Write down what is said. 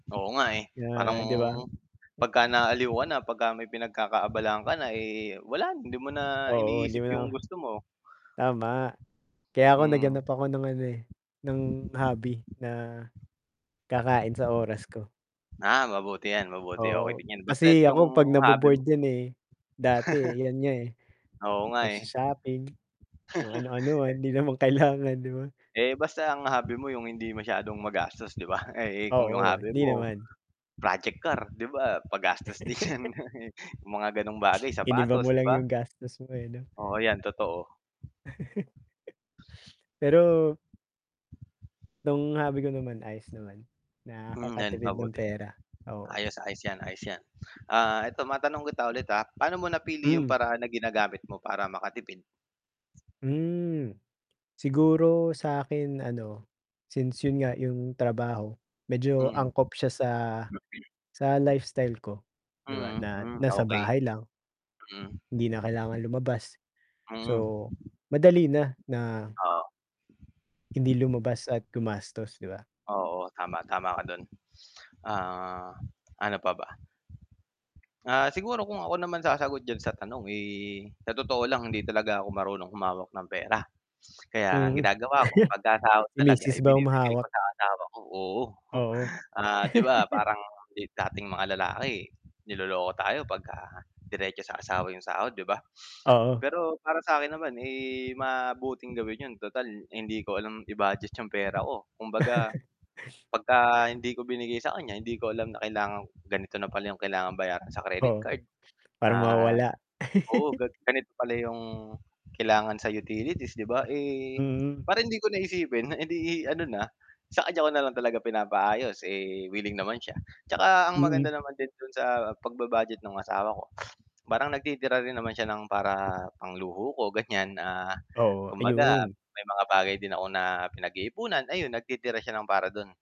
Oo nga, eh, parang Ah, 'di ba? pag ka naaaliw ka na, pag ka may pinagkakaabalahan ka na, eh, wala, hindi mo na Oo hindi mo iniisip na yung gusto mo. tama. Kaya ako naghanap Mhm. ako ng ano, eh, ng hobby na, kakain sa oras ko. Ah, mabuti 'yan, mabuti, okey Oo, din 'yan. Basta't kasi yung ako 'pag na hobby bo-board mo. 'yan, eh, dati, eh, yun nga, eh. Oo nga, Nag eh. sho-shopping, kung ano-ano lang Eh hindi naman kailangan, 'di ba? eh, basta ang hobby mo yung hindi masyadong magastos 'di ba? Eh, kung 'yong Oo, eh, hobby hindi mo naman. project car project car 'di ba, magastos din 'yan? Yung mga gano'ng bagay, Iniba mo sapatos, 'di lang ba? yung gastos mo, eh, 'no? Oo 'yan, totoo. Pero 'tong hobby ko naman, ayos naman. Mhm, 'yan Nakakatipid ng mabuti. pera, oo. Ayos-ayos 'yan, ayos 'yan. Ah, 'eto matanong kita ulit, ah. Paano mo napili yung Mhm? paraan na ginagamit mo para makatipid? Hmm, siguro sa akin, ano, Since yun nga yung trabaho, medyo Mhm. angkop siya sa sa lifestyle ko, 'di ba, Mhm, na hmm, nasa okay. bahay lang, Mhm. hindi na kailangang lumabas. Mm. So, madali na, na Oo. hindi lumabas at gumastos, 'di ba? Oo tama, tama ka dun. Ah ano pa ba? Ah siguro kung ako naman sasagot diyan sa tanong, eh, sa totoo lang hindi talaga ako marunong humawak ng pera. Kaya ang Mhm, ginagawa ko, pag ka sahod si talaga ay misis ba binibigay ko humahawak? sa asawa ko, oo. Oo. 'Di ba, parang, dating mga lalaki, eh, niloloko tayo pag ka diretso sa asawa 'yong sahod, 'di ba? Oo. Pero para sa akin naman, eh, mabuting gawin 'yon. Total hindi ko alam i-budget 'yong pera ko. Kumbaga, 'pag ka hindi ko binigay sa kaniya, hindi ko alam na kailangan ganito na pala 'yong kailangang bayaran sa credit Oo, card. para Ah, mawawala. oo ga ganito pala 'yong kailangan sa utilities, 'di ba? Eh, Mhm. parang hindi ko na isipin edi ano na, sa kaniya ko na lang talaga pinapaayos. Eh, willing naman siya. 'Tsaka ang Mm. maganda naman din do'n sa pag-ba-budget ng asawa ko, parang nagtitira rin naman siya ng para pangluho ko ganiyan. Ah, Oo, kumbaga ayun. may mga bagay din ako na pinag-iipunan, ayun nagtitira siya ng para do'n.